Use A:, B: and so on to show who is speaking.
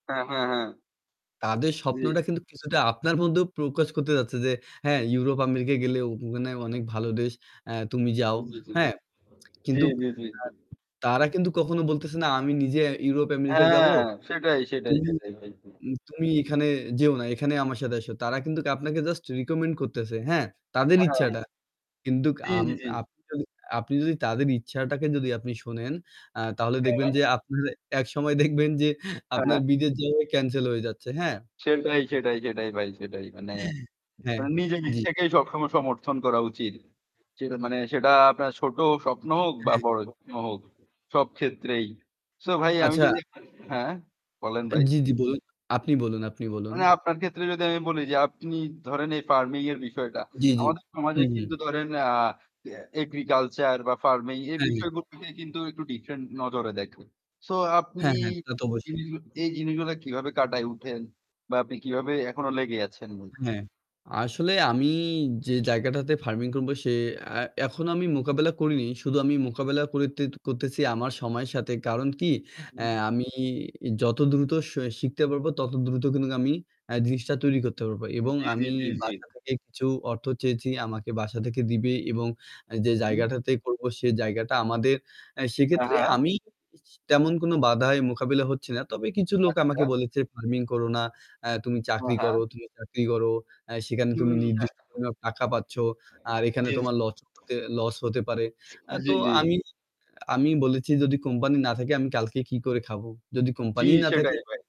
A: হ্যাঁ, হ্যাঁ, হ্যাঁ।
B: তাদের
A: জী।
B: স্বপ্নটা কিন্তু কিছুটা আপনার মধ্যেও প্রকাশ করতে যাচ্ছে যে, হ্যাঁ ইউরোপ আমেরিকা গেলে ওখানে অনেক ভালো দেশ। অ্যা তুমি যাও। হ্যাঁ।
A: জী,
B: কিন্তু
A: জী, জী।
B: তারা কিন্তু কখনো বলতেছে না "আমি নিজে ইউরোপ আমেরিকা যাবো।
A: হ্যাঁ, সেটাই, সেটাই,
B: তুমি
A: সেটাই ভাই।
B: তুমি এখানে যেও না। এখানে আমার সাথে আসো।" তারা কিন্তু আপনাকে জাস্ট রিকমেন্ড করতেছে। হ্যাঁ,
A: হ্যাঁ,
B: তাদের
A: হ্যাঁ, হ্যাঁ।
B: ইচ্ছাটা। কিন্তু
A: জী,
B: আম
A: জী।
B: আপনি যদি আপনি যদি তাদের ইচ্ছাটাকে যদি আপনি শোনেন, আ তাহলে দেখবেন
A: হ্যাঁ।
B: যে আপনারা একসময় দেখবেন যে
A: হ্যাঁ,
B: আপনার
A: হ্যাঁ।
B: বিদেশ যাওয়াই ক্যানসেল হয়ে যাচ্ছে। হ্যাঁ।
A: সেটাই, সেটাই, সেটাই ভাই সেটাই। মানে
B: হুম। হ্যাঁ,
A: নিজে
B: জ্বী।
A: নিজেকেই সক্ষম সমর্থন করা উচিত। মানে সেটা আপনার ছোট স্বপ্ন হোক বা
B: হ্যাঁ।
A: বড় স্বপ্ন হোক। সব ক্ষেত্রেই। সো ভাই আমি
B: আচ্ছা।
A: যদি হ্যাঁ বলেন ভাই।
B: জ্বি, জ্বি বলুন। আপনি বলুন, আপনি বলুন।
A: মানে আপনার ক্ষেত্রে যদি আমি বলি যে আপনি ধরেন এই ফার্মিং এর বিষয়টা।
B: জ্বী, জ্বী।
A: আমাদের
B: হু,
A: সমাজে
B: হু।
A: কিন্তু ধরেন আ এগ্রিকালচার বা ফার্মিং এর
B: হ্যাঁ।
A: বিষয়গুলোকে কিন্তু একটু ডিফারেন্ট নজরে দেখে। সো আপনি
B: হ্যাঁ, হ্যাঁ, তা তো অবশ্যই।
A: জিনিসগুলা এই জিনিসগুলো কিভাবে কাটায় উঠেন বা আপনি কিভাবে এখনো লেগে আছেন ভাই।
B: হ্যাঁ, আসলে আমি যে জায়গাটাতে ফার্মিং করব সে এখন আমি মোকাবেলা করিনি শুধু আমি মোকাবিলা করতে করতেছি আমার সময়ের সাথে। কারণ কি আ
A: হুম।
B: আমি যত দ্রুত স শিখতে পারবো তত দ্রুত কিন্তু আমি এ জিনিসটা তৈরি করতে পারবো এবং
A: জ্বী, জ্বী,
B: আমি
A: জ্বী, জ্বী।
B: বাসা থেকে কিছু অর্থ চেয়েছি আমাকে বাসা থেকে দিবে এবং যে
A: হুম।
B: জায়গাটাতে করবো সে জায়গাটা আমাদের
A: হ্যাঁ,
B: সেক্ষেত্রে
A: হ্যাঁ।
B: আমি স তেমন কোন বাধায় মোকাবিলা হচ্ছে না। তবে কিছু লোক
A: আচ্ছা।
B: আমাকে বলেছে ফার্মিং করো না। "এ তুমি
A: ও
B: চাকরি
A: হ্যাঁ।
B: করো, তুমি চাকরি করো।" এ সেখানে তুমি
A: হুম, হ্যাঁ।
B: নির্দিষ্ট সময় টাকা পাচ্ছ। আর এখানে
A: জ্বী।
B: তোমার লস হতে লস হতে পারে। এ
A: জ্বী,
B: তো
A: জ্বী।
B: আমি আমি বলেছি যদি কোম্পানি না থাকে আমি কালকে কি করে খাবো? যদি
A: জ্বি
B: কোম্পানি না থাকে!
A: সেটাই ভাই।